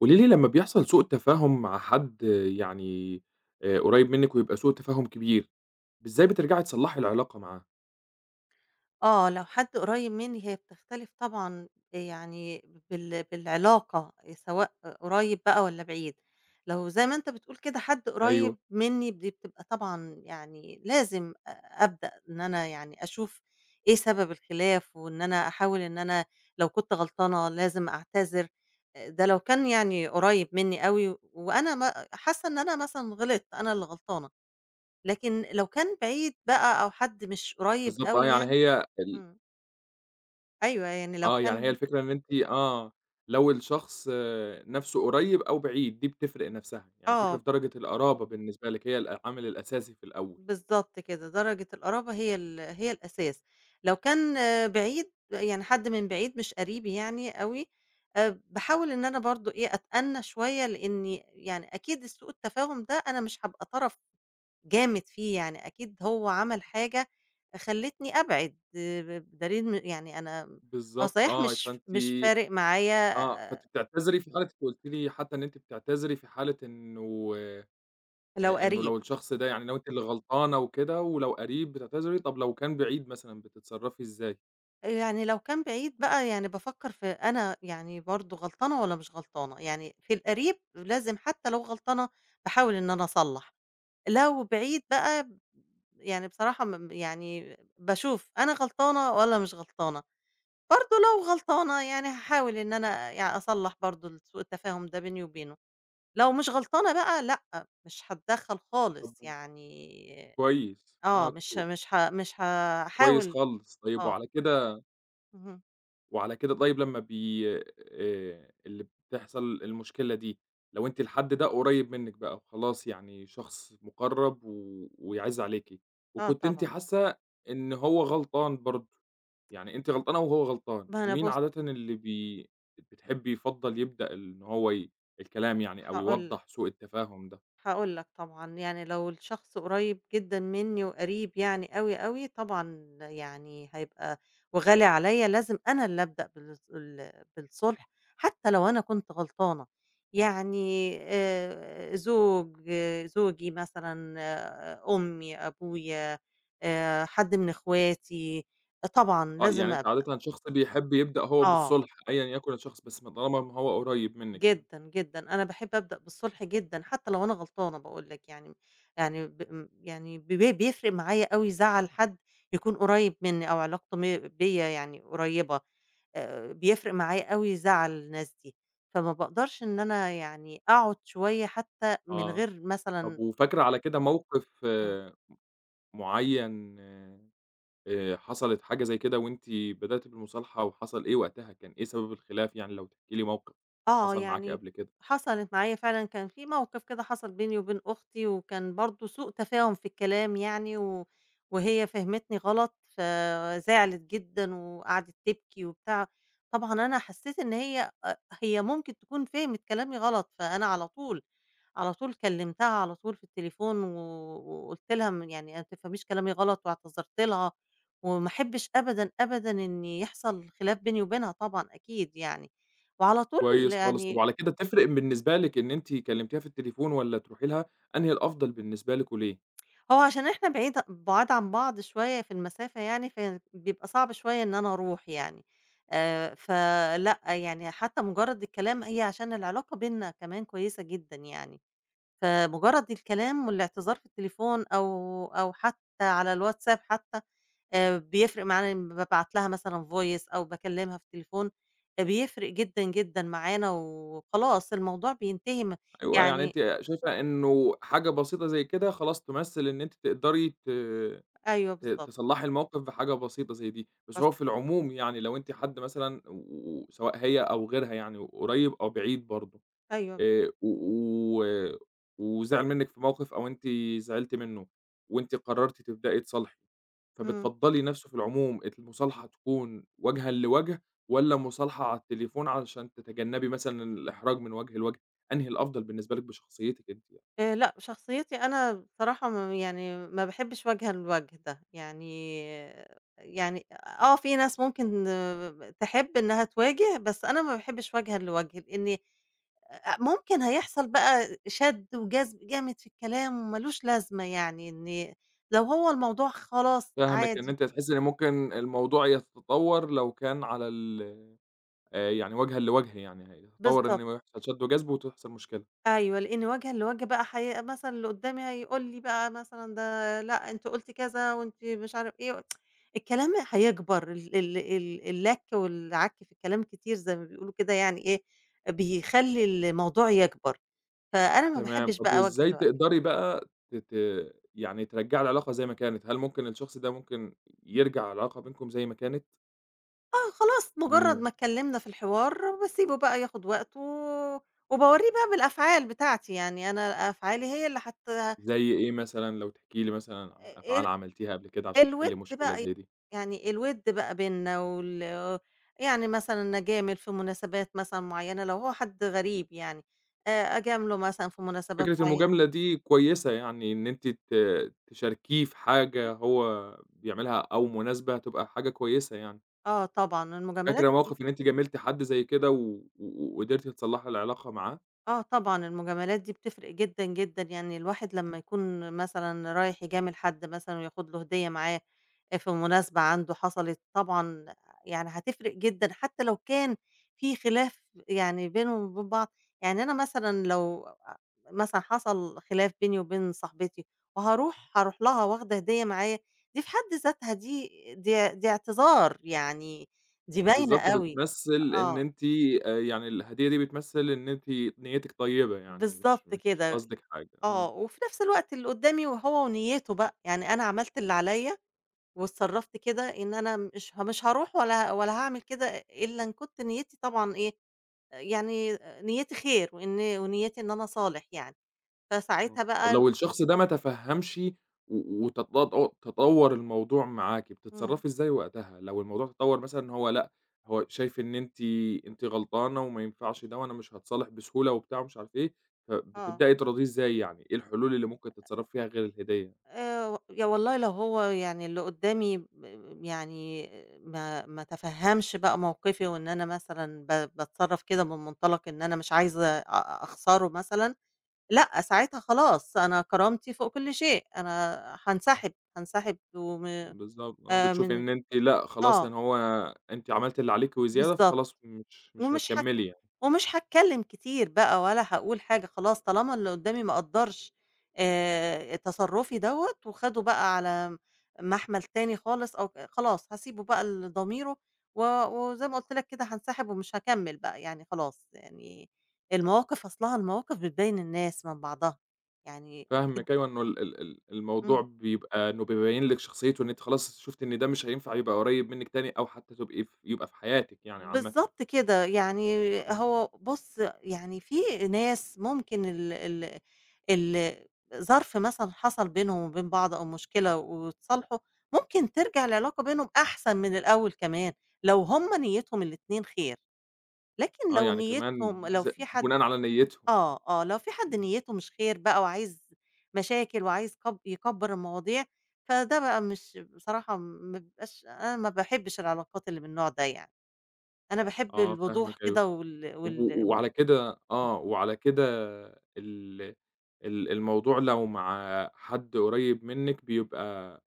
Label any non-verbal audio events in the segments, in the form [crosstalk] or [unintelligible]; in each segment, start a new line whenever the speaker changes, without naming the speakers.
قولي لي لمّا بيحصل سوء تفاهم مع حد يعني آآ، قريّب منك ويبقى سوء تفاهم كبير، إزاي بترجعي تصلّحي العلاقة معاه؟
آه، لو حد قريب مني هي بتختلف طبعًا، يعني بال بالعلاقة سواء قريّب بقى والّا بعيد. لو زي ما أنت بتقول كده حد
أيوه.
قريّب مني دي بتبقى طبعًا يعني لازم أبدأ إن أنا يعني أشوف إيه سبب الخلاف وإن أنا أحاول إن أنا لو كنت غلطانة لازم أعتذر. آآ، ده لو كان يعني قريّب مني أوي، وأنا ما حاسّة إن أنا مثلًا غلطت، أنا اللي غلطانة، لكن لو كان بعيد بقى أو حد مش قريّب
بالضبط آه،
أوي
يعني
يعني
هي ال
امم. أيوه، يعني لو
آه، يعني هي
كان
الفكرة إن أنتِ آه، لو الشخص نفسه قريّب أو بعيد دي بتفرق نفسها. يعني الفكرة
آه.
في درجة القَرابة بالنِّسبة لِك هي الأه العامل الأساسي في الأول.
بالضبط كده، درجة القَرابة هي ال هي الأساس، لو كان بعيد ب يعني حد من بعيد مش قريبي يعني أوي، آآ، باحاول إن أنا برضه إيه أتأنى شوية، لأني يعني أكيد السوء التفاهم ده أنا مش هابقى طرف جامد فيه يعني أكيد هو عمل حاجة فخلّتني أبعد، آآ ب بِدَليل إن يعني أنا هو
بالضبط
صحيح
آه
مش
فأنتِ
مش فارق معايا
آه، فأنتِ بتعتذري في حالة قُلتِ لي حتى إن أنت بتعتذري في حالة إنه
لو
آآ إنه
قَريب.
لو الشخص ده يعني لو أنتِ اللي غلطانة وكده ولو قَريب بتعتذري طب لو كان بعيد مثلًا، بتتصرفي إِزّاي؟
آآ، يعني لو كان بعيد بقى يعني بافكّر في أنا يعني برضه غلطانة والّا مش غلطانة، يعني في القريب لازم حتّى لو غلطانة باحاول إن أنا أصلّح، لو بعيد بقى ب يعني بصراحة ما م يعني باشوف أنا غلطانة والّا مش غلطانة، برضه لو غلطانة يعني هاحاول إن أنا يعني أصلّح برضه ال سوء التفاهم ده بيني وبينه، لو مش غلطانة بقى لأ، مش هاتدخّل خالص
[unintelligible]
يعني
كويس،
آه،
آه
مش ه
كو
مش ه مش
كويس
هاحاول
خالص، طيب
آه.
وعلى كده
اهم.
وعلى كده طيب لمّا بي آآ، اللي بتحصل المشكلة دي لو أنتِ الحد ده قريّب منِّك بقى وخلاص يعني شخص مُقرَّب و ويعِز عليكِ،
آه،
وكنتِ أنتِ
طبعًا.
حاسّة إن هو غلطان برضه، يعني أنتِ غلطانة وهو غلطان،
ما أنا
مين
بُص
عادةً اللي بي ب بتحبّي يفضّل يبدأ ال إن هو ي الكلام يعني أو
هاقول
يوضّح
لك.
سوء التفاهم ده؟
هاقول لك، طبعًا يعني لو الشخص قريّب جدًا منّي وقريب يعني أوي، أوي، طبعًا يعني هيبقى وغالي عليّا لازم أنا اللي أبدأ بالص ال بالصُلح حتّى لو أنا كنت غلطانة، يعني آآ، زوج، زوجي مثلًا آآ أمّي، أبويا آآ، حد من أخواتي، طبعًا
آه، يعني
لازم
أنتِ
أبدأ.
عادةً شخص بيحب يبدأ هو
آه.
بالصُلح أيًا يكُن الشخص، بس ما طالما ما هو قريّب منِّك يعني.
جدًا، جدًا، أنا باحب أبدأ بالصُلح جدًا حتّى لو أنا غلطانة باقول لك يعني م يعني ب ام يعني ب ب بيفرق معايا أوي زعل حد يكون قريّب منّي أو علاقته م بيّا يعني قريّبة آآ، بيفرق معايا أوي زعل الناس دي، فما باقدرش إن أنا يعني أقعُد شوية حتّى من
آه.
غير
طَب
مثلًا
وفاكرة على كده موقِف
إمم.
م معيّن آآ، حصلِت حاجة زي كده وأنتِ بدأتِ بالمصالحة وحصل إيه وقتها كان إيه سبب الخلاف يعني؟ لو تحكي لي موقِف
آه،
حصل معاكِ
يعني
قبل كده.
حصلت معايا فعلًا كان في موقِف كده حصل بيني وبين أختي وكان برضه سوء تفاهم في الكلام يعني و وهي فهمتني غلط فزعلِت جدًا وقعدِت تبكي وبتاع، طبعًا أنا حسّيت إن هي أ هي ممكن تكون فهمِت كلامي غلط، فأنا على طول على طول كلِّمتها على طول في التليفون و وقُلت لها م يعني "ما تفهميش كلامي غلط" واعتذرت لها وما أحبّش أبدًا، أبدًا إن يحصل خلاف بيني وبينها طبعًا أكيد يعني، وعلى طول
كويس خالص، طَب
يعني
وعلى كده تفرق بالنسبة لِك إن أنتِ كلِّمتيها في التليفون والّا تروحي لها، أنهي الأفضل بالنسبة لِك وليه؟
هو عشان إحنا بعيد بُعاد عن بعض شوية في المسافة يعني، فيعني بيبقى صعب شوية إن أنا أروح يعني آآ، فلأ، يعني حتّى مُجرّد الكلام هي عشان العلاقة بيننا كمان كويسة جدًا يعني، فمُجرّد الكلام والاعتذار في التليفون أو أو حتّى على الواتساب حتّى، آآ، بيفرق معانا لمّا بابعت لها مثلًا voice أو باكلِّمها في التليفون، فبيفرق جدًا، جدًا معانا و وخلاص الموضوع بينتهي م
أيوه، يعني
يعني
أنتِ شايفة إنه حاجة بسيطة زي كده خلاص تُمثِّل إن أنتِ تقدري ت
أيوه
ت
بالضبط.
تصلّحي الموقِف بحاجة بسيطة زي دي، بس
[unintelligible]
هو في العموم يعني لو أنتِ حد مثلًا و سواء هي أو غيرها يعني وقريّب أو بعيد برضه
أيوه.
آآ، و و وزعِل منِّك في موقِف أو أنتِ زعلتِ منّه وأنتِ قرّرتِ تبدئي تصالحي،
إمم.
فبتفضّلي نَفْسه في العموم المُصالحة تكون وجهًا لوَجه، والّا مُصالحة على التليفون علشان تتجنّبي مثلًا الإحراج من وَجه لوَجه، أنهي الأفضل بالنسبة لِك بشخصيتِك أنتِ يع
آآ، لأ، شخصيتي أنا بصراحة ما ب يعني ما باحبّش وجهًا لوَجه ده، يعني يعني آآ، آه، في ناس ممكن ب ب تحب إنّها تواجه بس أنا ما باحبّش وجهًا لوَجه لإنّي أ أ ممكن هيحصل بقى شَد وجذب جامد في الكلام ومالوش لازمة يعني، إنّي لو هو الموضوع خلاص
فاهمِك، إن
عادي
أنتِ هتحسي إن ممكن الموضوع يتطوّر لو كان على ال آآ، يعني وجهًا لوَجه يعني هيتطوّر إن
بالضبط.
هو يحصل شَد وجذب وتحصل مشكلة.
أيوه، لإن وجهًا لوَجه بقى حي مثلًا اللي قُدّامي هيقول لي بقى مثلًا ده لأ، أنتِ قُلتِ كذا وأنتِ مش عارف إيه، و [tsk] الكلام هيكبر ال ال ال اللَك والعَك في الكلام الكتير زي ما بيقولوا كده يعني إيه، بيخلّي الموضوع يكبر، فأنا ما
تمام،
باحبّش
طَب
بقى وجهًا
وإزاي
لوَجه.
تقدري بقى ت ت يعني ترجّعي العلاقة زي ما كانت، هل ممكن الشخص ده ممكن ي يرجع العلاقة بينكم زي ما كانت؟
آه، خلاص مجرّد ما
إمم.
اتكلّمنا في الحوار باسيبه بقى ياخد وقته، وباورّيه بقى بالأفعال بتاعتي، يعني أنا أفعالي هي اللي هت
زي إيه مثلًا لو تحكي لي مثلًا عن
آآ
أفعال عملتيها قبل كده عشان تِحلّي
الوِد
مشكلة
بقى،
زي دي؟
يعني الوِد بقى بيننا وال يعني مثلًا أجامل في مناسبات مثلًا معيّنة لو هو حد غريب يعني آآ أجامله مثلًا في مناسبات
فكرة
معيّنة.
المجاملة دي كويسة، يعني إن أنتِ ت تشاركيه في حاجة هو بيعملها أو مناسبة تبقى حاجة كويسة يعني.
آه طبعًا المجاملات
فاكرة
[unintelligible]
موقِف إن أنتِ جاملتِ حد زي كده و و قدِرتِ تصلّحي العلاقة معاه؟
آه طبعًا المجاملات دي بتفرِق جدًا، جدًا، يعني الواحد لمّا يكون مثلًا رايح يجامل حد مثلًا وياخد له هدية معاه أ في مناسبة عنده حصَلِت طبعًا يعني هتفرِق جدًا حتى لو كان في خِلاف يعني بينهم وبين بعض، يعني أنا مثلًا لو آآ مثلًا حصَل خِلاف بيني وبين صاحبتي وهارُوح، هارُوح لها واخده هدية معايا، دي في حَد ذاتها دي دي دي اعتذار، يعني دي باينة
بالضبط،
أوي،
بتمثّل إن
آه.
أنتِ آآ يعني الهدية دي بتمثّل إن أنتِ نيّتِك طيّبة يعني مش
بالضبط
مش
كده،
قصدِك حاجة،
آه
آه.
وفي نَفْس الوقت اللي قُدّامي وهو ونيّته بقى، يعني أنا عملت اللي عليّا واتصرّفت كده إن أنا مش ها مش هارُوح ولا ولا هاعمل كده إلّا إن كنت نيّتي طبعًا إيه، يعني نيّتي خير وإن ونيّتي إن أنا أصالح يعني،
آه،
فساعتها
طَب
بقى ال
لو الشخص ده ما تفهّمش و وتط تطوّر الموضوع معاكِ
إمم.
بتتصرّفي إزاي وقتها لو الموضوع تطوّر، مثلًا هو لأ، هو شايف إن أنتِ أنتِ غلطانة وما ينفعش ده، وأنا مش هاتصالح بسهولة وبتاع ومش عارف إيه،
آه.
فبتبدئي تراضيه إزاي؟ يعني إيه الحلول اللي ممكن تتصرّفي فيها غير الهدية؟
آآ يا والله لو هو يعني اللي قُدّامي ب يعني ما ما تفهّمش بقى موقِفي وإن أنا مثلًا ب باتصرّف كده من مُنطلَق إن أنا مش عايزة أ أخسَره مثلًا، لأ ساعتها خلاص أنا كرامتي فوق كل شيء، أنا هانسحب، هانسحب وم
بالضبط، آه،
آآ
بتشوفي
من
إن أنتِ، لأ خلاص
آه.
إن هو أنتِ عملتِ اللي عليكِ وزيادة
بالضبط
فخلاص مش مش
ومش ه
هتكمّلي يعني.
ومش هاتكلّم كتير بقى ولا هاقول حاجة خلاص طالما اللي قُدّامي ما قدّرش آآ تصرّفي دوّة، وخَده بقى على مَحمل تاني خالص، أو ك خلاص هاسيبه بقى لضميره و وزي ما قُلت لك كده هانسحب ومش هاكمّل بقى يعني خلاص يعني المواقف أصلها المواقف بتبيّن الناس من بعضها يعني أكيد
فاهمِك أيوه إنه ال ال ال الموضوع
إمم.
بيبقى إنه بيبيّن لِك شخصيّته إن أنتِ خلاص شُفتِ إن ده مش هينفع يبقى قريّب منِك تاني أو حتى تبقي ف يبقي في حياتِك يعني عامةً.
بالضبط كده، يعني
إمم.
هو بُصّ يعني في ناس ممكن ال ال ال ظرف مثلًا حصَل بينهم وبين بعض أو مشكلة واتصالحوا ممكن ترجَع العلاقة بينهم أحسن من الأول كمان لو هُم نيّتهم الاتنين خير، لكن
آه
لو
يعني كمان
نيّتهم لو
ز
في حد
بناءً على نيّته يعني،
آه، آه، لو فيه حد
إمم.
نيّته مش خير بقى وعايز مشاكل وعايز كب يكبّر المواضيع فده بقى مش بصراحة ما بابقاش أنا ما باحبّش العلاقات اللي من النوع ده، يعني أنا باحب
آه
الوضوح
فاهمِك أيوه،
كده وال
طَب
وال
و
إمم.
وعلى كده آه وعلى كده ال ال الموضوع لو مع حد قريّب منِّك بيبقى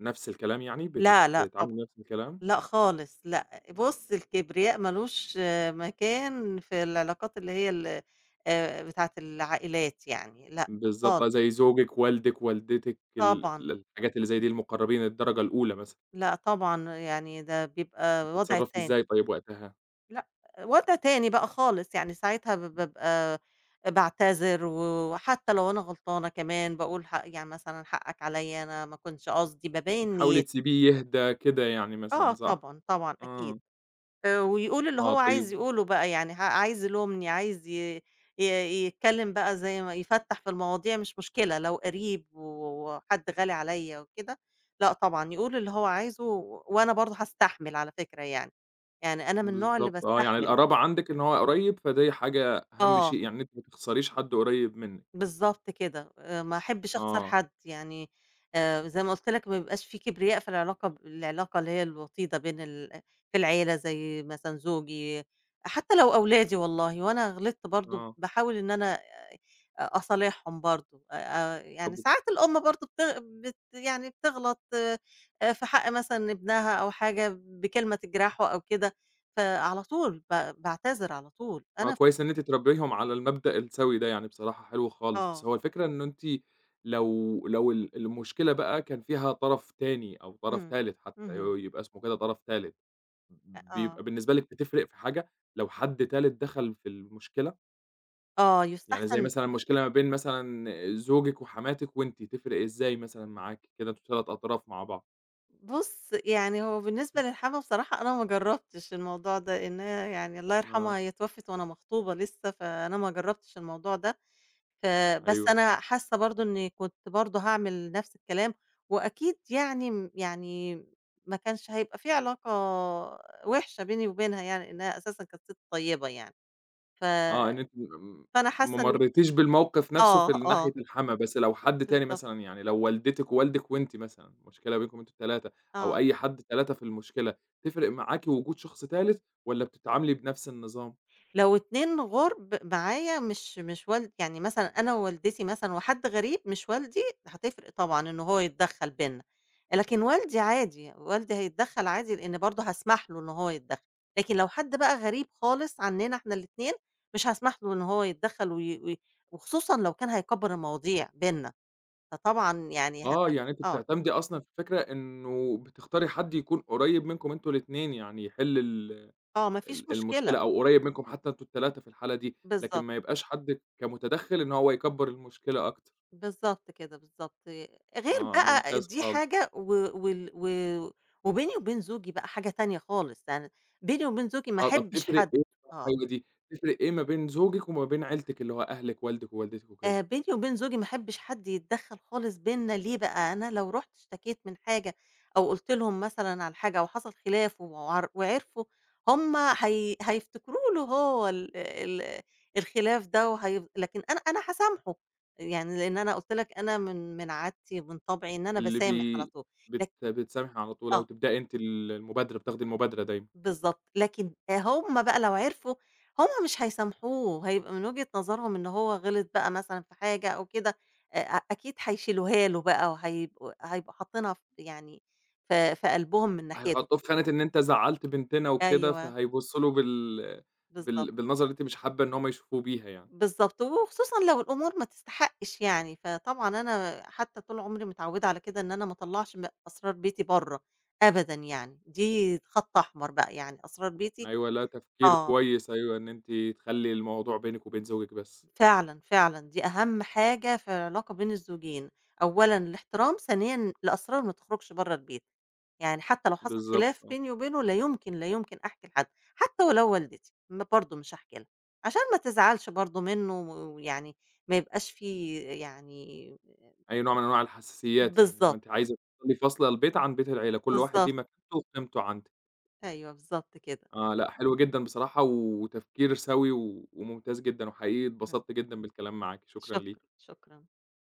نَفْس الكلام يعني بتت
لأ، لأ، طبعًا
بتتعاملي نَفْس الكلام؟
لأ خالص، لأ،
إمم.
بُصّ الكبرياء ما لوش مكان في العلاقات اللي هي ال آآ بتاعة العائلات يعني، لأ
بالضبط
خالص.
بقى زي زوجِك، والدِك، والدتِك، ال
طبعًا.
ال الحاجات اللي زي دي، المقرَّبين الدرجة الأولى مثلًا.
لأ، طبعًا يعني ده بيبقى وضع
بتتصرِّفي
تاني.
إزاي طيب وقتها؟
لأ، وضع تاني بقى خالص يعني ساعتها ب
[unintelligible]
بابقي باعتذر و وحتّى لو أنا غلطانة كمان باقول ح يعني مثلًا حقَّك عليّا أنا ما كانش قصدي. بابيّن
بتحاولي
نيتي.
تسيبيه يهدى كده يعني
آه،
مثلًا، صح؟
طبعًا، طبعًا، أكيد،
آه.
آآ ويقول اللي
آه،
هو عايز
طيب
يقوله بقى، يعني ع عايز يلومني، عايز ي ي يتكلّم بقى زي ما يفتَّح في المواضيع مش مشكلة، لو قَرِيب و وحد غالي عليّا وكده، لأ طبعًا، يقول اللي هو عايزه و وأنا برضه هاستحمل على فكرة يعني. يعني أنا من النوع اللي
بالضبط آه، يعني
باستحمل.
القرابة عندِك إن هو قريّب، فدي حاجة أهم
آه.
شيء يعني إن أنتِ ما تخسريش حد قريّب منِّك.
بالضبط كده، آآ ما أحبّش أخسر
آه.
حد. يعني آآ زي ما قُلت لَك ما يبقاش في كبرياء في العلاقة، ب العلاقة اللي هي الوطيدة بين ال في العيلة زي مثلًا زوجي حتّى لو أولادي والله وأنا غلطت برضه
آه.
باحاول إن أنا أ أصالحهم برضه. أ أ يعني
طَب
ساعات الأم برضه بتغ بت يعني بتغلط آآ في حق مثلًا ابنها أو حاجة بكلمة تجرحه أو كده فعلى طول ب باعتذر على طول
آه،
أنا ف
كويس إن أنتِ تربيهم على المبدأ السَّوِي ده يعني بصراحة حلو خالص. بس
آه.
هو الفكرة إنّه أنتِ لو لو ال المشكلة بقى كان فيها طرف تاني أو طرف
إمم.
تالت، حتّى ي
اهم.
يبقى اسمه كده طرف تالت
أ
ب
آه.
بيبقى بالنسبة لِك بتفرق في حاجة لو حد تالت دَخَل في المشكلة؟
آه
يعني زي
يستحسن
مثلًا مشكلة ما بين مثلًا زوجِك وحماتِك وأنتِ، تفرق إزاي مثلًا معاكِ؟ كده أنتم 3 أطراف مع بعض.
بُص، يعني هو بالنسبة للحما بصراحة أنا ما جربتش الموضوع ده، إن هي يعني الله
آه.
يرحمها هي اتوفت وأنا مخطوبة لسّه، فأنا ما جربتش الموضوع ده، ف بس
أيوه.
أنا حاسّة برضه إنّي كنت برضه هاعمل نفس الكلام، وأكيد يعني م يعني ما كانش هيبقى في علاقة وحشة بيني وبينها يعني، إنها أساسًا كانت سِت طيبة يعني، ف
آه، إن أنتِ م
فأنا
ما
حاسّة إن
مريتيش بالموقف نفسْه في
آه،
ناحية
آه.
الحما، بس لو حد تاني
بالضبط.
مثلًا يعني لو والدتِك ووالدِك وأنتِ مثلًا، المشكلة بينكم أنتم ال3، أو
آه.
أي حد 3 في المشكلة تفرق معاكِ وجود شخص تالت والّا بتتعاملي بنفس النظام؟
لو اتنين غُرب معايا مش مش ولد يعني مثلًا أنا ووالدتي مثلًا وحَد غريب مش والدي، هتفرق طبعًا إنّه هو يتدخّل بيننا، لكن والدي عادي، والدي هيتدخّل عادي لإن برضه هاسمح له إنه هو يتدخّل، لكن لو حد بقى غريب خالص عننا إحنا الاتنين، مش هاسمح له إنه هو يتدخّل وي وي وخصوصًا لو كان هيكبّر المواضيع بيننا، فطبعًا يعني
آه،
هت
يعني أنت
آه.
بتعتمدي أصلًا في فكرة إنّه بتختاري حد يكون قريّب منكم أنتم الاتنين، يعني يحل ال
آه، ما فيش
ال
مشكلة.
المشكلة، أو قريّب منكم حتّى أنتم ال3 في الحالة دي، لكن
بالضبط.
ما يبقاش حد كمتدخّل إن هو يكبّر المشكلة أكتر.
بالضبط كده، بالضبط، غير
آه
بقى
ممتاز
دي
خالص.
حاجة و وال و وبيني وبين زوجي بقى حاجة تانية خالص، يعني بيني وبين زوجي ما
آه، طَب
أحبش
تفرق
حد
إيه
آه.
[unintelligible] تفرق إيه ما بين زوجِك وما بين عيلتِك اللي هو أهلِك، والدِك ووالدتِك وكده؟
آآ بيني وبين زوجي ما احبش حد يتدخّل خالص بيننا ليه بقى، أنا لو رُحت اشتكيت من حاجة أو قُلت لهم مثلًا على حاجة أو حصل خلاف و وعرفوا، هُم هي هييفتكروا له هو ال ال الخلاف ده وهي لكن أنا أنا هاسامحه يعني، لإن أنا قُلت لَك أنا من من عادتي ومن طبعي إن أنا
اللي
باسامح على
بي
طول،
بت
لك
بتسامحي على طول أو
آه.
تبدئي أنتِ ال المبادرة، بتاخدي المبادرة دايمًا.
بالضبط، لكن هُم بقى لو عرفوا هُم مش هيسامحوه، هيبقى من وجهة نظرهم إن هو غِلط بقى مثلًا في حاجة أو كده، أ أكيد هيشيلوها له بقى، وهيبق هيبقوا حاطينها ف يعني في في قلبهم من ناحيته.
هيحطوه في خانة إن أنت زعّلت بنتنا وكده،
أيوه.
فهيبصوا له بال
بالضبط.
بال بالنظرة اللي أنتِ مش حابّة إن هُم يشوفوه بيها يعني.
بالضبط، وخصوصًا لو الأمور ما تستحقش يعني، فطبعًا أنا حتّى طول عمري متعودة على كده إن أنا ما أطلّعش م أسرار بيتي برّا أبدًا يعني، دي خَط أحمر بقى، يعني أسرار بيتي
أيوه، لأ تفكير
آه.
كويس أيوه، إن أنتِ تخلّي الموضوع بينِك وبين زوجِك بس.
فعلًا، فعلًا دي أهم حاجة في العلاقة بين الزوجين، أولًا الاحترام، ثانيا الأسرار ما تخرجش برّا البيت، يعني حتّى لو حصل
بالضبط،
خلاف
آه.
بيني وبينه لا يمكن، لا يمكن أحكي لحد، حتّى ولو والدتي برضه مش هأحكي لها، عشان ما تزعلش برضه منّه ويعني ما يبقاش في يعني
أي نوع من أنواع الحساسيات يعني، اللي هو
بالضبط.
أنتِ عايزة تفضلي فاصلة البيت عن بيت العيلة، كل واحد له
بالضبط.
مكانته وقيمته عندِك.
أيوه، بالضبط كده.
آه، لأ، حلو جدًا بصراحة وتفكير سوي و وممتاز جدًا، وحقيقي
إمم.
اتبسطت جدًا بالكلام معاكِ، شكرًا
شكرًا،
ليكِ.
شكرًا.